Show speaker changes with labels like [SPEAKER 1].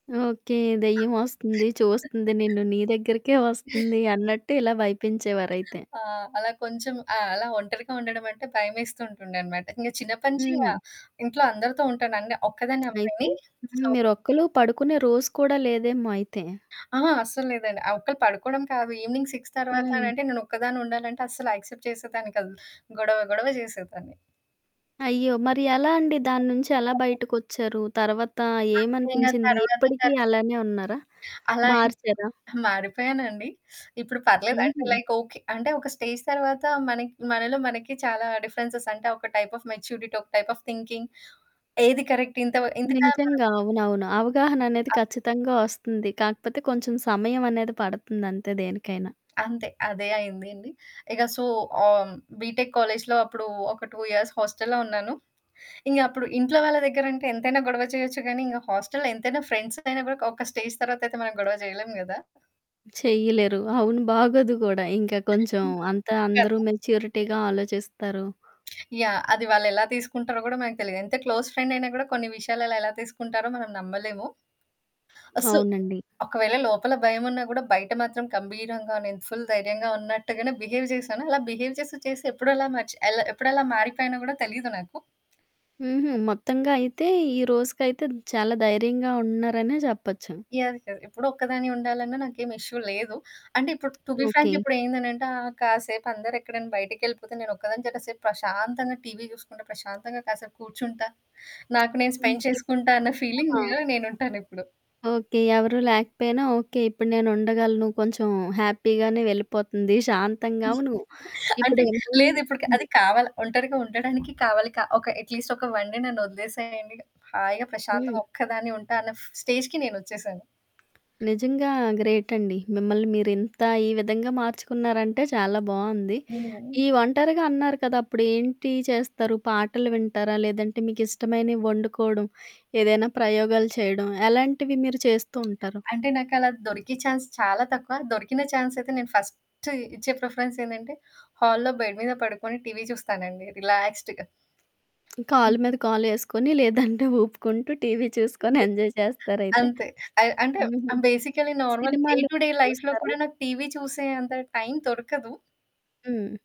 [SPEAKER 1] Okay. దెయ్యం వస్తుంది చూస్తుంది. నిన్ను నీ దగ్గరకే వస్తుంది అన్నట్టు ఇలా భయపించేవారైతే.
[SPEAKER 2] ఆ! అలా కొంచెం ఆహ్, అలా ఒంటరిగా ఉండడమంటే భయమేస్తూ ఉంటుండనమాట. ఇంక చిన్నప్పటి నుంచి ఇంగ
[SPEAKER 1] హ్మ్.
[SPEAKER 2] ఇంట్లో అందరితో ఉంటాను. అన్నే ఒక్కదాన్ని
[SPEAKER 1] అయితే
[SPEAKER 2] ఉండనండి.
[SPEAKER 1] హ్మ్.
[SPEAKER 2] సో
[SPEAKER 1] మీరు ఒక్కలు పడుకునే రోజు కూడా లేదేమో అయితే.
[SPEAKER 2] ఆ! అస్సలు లేదండి. ఆ ఒక్కళ్ళు పడుకోవడం కాదు. ఈవెనింగ్ 6
[SPEAKER 1] హ్మ్.
[SPEAKER 2] తర్వాతనంటే నేనొక్కదాన్నే ఉండాలంటే అస్సలు యాక్సెప్ట్ చేసేదాన్ని కాదు. గొడవ గొడవ చేసేదాన్ని.
[SPEAKER 1] అయ్యో! మరి ఎలా అండి. దాని నుంచి ఎలా
[SPEAKER 2] ఓకే.
[SPEAKER 1] బయటకొచ్చారు? తర్వాత
[SPEAKER 2] అట్లైనా
[SPEAKER 1] ఏమనిపించింది?
[SPEAKER 2] తర్వాత
[SPEAKER 1] ఇప్పటికి
[SPEAKER 2] [unintelligible]
[SPEAKER 1] అలానే ఉన్నారా?
[SPEAKER 2] అలా అంత
[SPEAKER 1] మార్చారా?
[SPEAKER 2] మారిపోయానండి. ఇప్పుడు పర్లేదు. అంటే
[SPEAKER 1] హుహు.
[SPEAKER 2] Like okay. అంటే ఒక స్టేజ్ తర్వాత మనకి, మనలో మనకి చాలా డిఫరెన్సెస్ అంటే ఒక టైప్ ఆఫ్ మెచ్యూరిటీ, ఒక టైప్ ఆఫ్ థింకింగ్ ఏది కరెక్ట్? ఇంత వ ఇంతగా మనం
[SPEAKER 1] నిజంగా అవునవును. అవగాహన అనేది
[SPEAKER 2] అవునండి.
[SPEAKER 1] ఖచ్చితంగా వస్తుంది. కాకపోతే కొంచెం సమయం అనేది పడుతుంది అంతే దేనికైనా.
[SPEAKER 2] అంతే అదే అయిందండి. ఇక సో, ఆహ్, బీటెక్ కాలేజ్లో అప్పుడు ఒక 2 ఇయర్స్ హాస్టల్‌‌లో ఉన్నాను. ఇంగ అప్పుడు ఇంట్లో వాళ్ళ దగ్గరంటే ఎంతైనా గొడవ చేయొచ్చు గానీ, ఇంగ హాస్టల్‌లో ఎంతైనా ఫ్రెండ్స్‌గైయినాక ఒక స్టేజ్ తర్వాతైతే మనం గొడవ చేయలేం కదా!
[SPEAKER 1] చేయలేరు. అవును బాగోదు కూడా. ఇంకా కొంచెం అంతా అందరూ
[SPEAKER 2] [unintelligible]
[SPEAKER 1] మెచ్యూరిటీగా ఆలోచిస్తారు.
[SPEAKER 2] యాహ్! అది వాళ్ళెలా తీసుకుంటారో కూడా మనకు తెలిదు. ఎంత క్లోజ్ ఫ్రెండయినా కూడా కొన్ని విషయాలలో ఎలా తీసుకుంటారో మనం నమ్మలేము. అస్సలు
[SPEAKER 1] అవునండి.
[SPEAKER 2] ఒకవేళ లోపల భయమున్నా కూడా బయట మాత్రం గంభీరంగా నేను ఫుల్ ధైర్యంగా ఉన్నట్టుగానే బిహేవ్ చేసాను. అలా బిహేవ్ చేసి చేసి, ఎప్పుడలా మర్చి ఎలా ఎప్పుడెలా మారిపోయినా కూడా తెలీదు నాకు.
[SPEAKER 1] హుహు. మొత్తంగా అయితే ఈ రోజుకైతే చాలా ధైర్యంగా ఉన్నారనే చెప్పొచ్చు.
[SPEAKER 2] యాహ్! కదా! ఎప్పుడు ఒక్కదాని ఉండాలన్నా నాకేమి ఇష్యు లేదు. అంటే ఇప్పుడు టు బీ
[SPEAKER 1] ఓకే.
[SPEAKER 2] ఫ్రాంక్ ఇప్పుడేందనంటే ఆహ్, కాసేపు అందరూ ఎక్కడైనా బయటికెళ్ళిపోతే, నేను ఒక్కదాని చె కాసేపు ప్రశాంతంగా టీవీ చూసుకుంటా ప్రశాంతంగా కాసేపు కూర్చుంటా. నాకు నేను స్పెండ్
[SPEAKER 1] ఓకే.
[SPEAKER 2] చేసుకుంటా అన్న ఫీలింగ్
[SPEAKER 1] ఆ!
[SPEAKER 2] మీద నేనుంటానిప్పుడు.
[SPEAKER 1] ఓకే. ఎవరు లేకపోయినా ఓకే. ఇప్పుడు నేనుండగలను నువ్వు కొంచెం హ్యాపీగానే వెళ్ళిపోతుంది. శాంతంగా అవును.
[SPEAKER 2] అంటే
[SPEAKER 1] ఇప్పుడు ఏమ
[SPEAKER 2] లేదు. ఇప్పుటికి
[SPEAKER 1] హ్మ్.
[SPEAKER 2] అది కావాలి, ఒంటరిగా ఉండడానికి కావాలి. కా ఒక అట్లీస్ట్ ఒక 1 డే నన్ను వదిలేసేయండి హాయిగా ప్రశాంతం
[SPEAKER 1] హ్మ్.
[SPEAKER 2] ఒక్కదాన్ని ఉంటా అన్న స్టేజ్‌కి నేనొచ్చేేసాను.
[SPEAKER 1] నిజంగా గ్రేటండి. మిమ్మల్ని మీరింత ఈ విధంగా మార్చుకున్నారంటే చాలా బావుంది.
[SPEAKER 2] హ్మ్.
[SPEAKER 1] ఈ ఒంటరిగా అన్నారు కదా అప్పుడు ఏంటి చేస్తారు? పాటలు వింటారా? లేదంటే మీకిష్టమైనవి వండుకోవడం ఏదైనా ప్రయోగాలు చేయడం ఎలాంటివి మీరు చేస్తూ ఉంటారు?
[SPEAKER 2] అంటే నాకలా దొరికే ఛాన్స్ చాలా తక్కువ. దొరికిన ఛాన్స్ అయితే నేను ఫస్టు ఇచ్చే ప్రిఫరెన్స్ ఏందంటే హాల్‌లో బెడ్ మీద పడుకొని టీవీ చూస్తానండి. రిలాక్స్డ్‌గా. హ్మ్.
[SPEAKER 1] కాలు మీద కాలేసుకొని, లేదంటే ఊపుకుంటూ టీవీ చూసుకొని ఎంజాయ్ చేస్తారైతే?
[SPEAKER 2] అంతే. అయి అంటే
[SPEAKER 1] హుహు.
[SPEAKER 2] ఆహ్, బేసికల్లి నార్మల్ డే
[SPEAKER 1] సినిమాలు
[SPEAKER 2] టు డే లైఫ్‌లో
[SPEAKER 1] చూస్తారా?
[SPEAKER 2] కూడా నాకు టీవీ చూసే అంత టైం దొరకదు.
[SPEAKER 1] హ్మ్.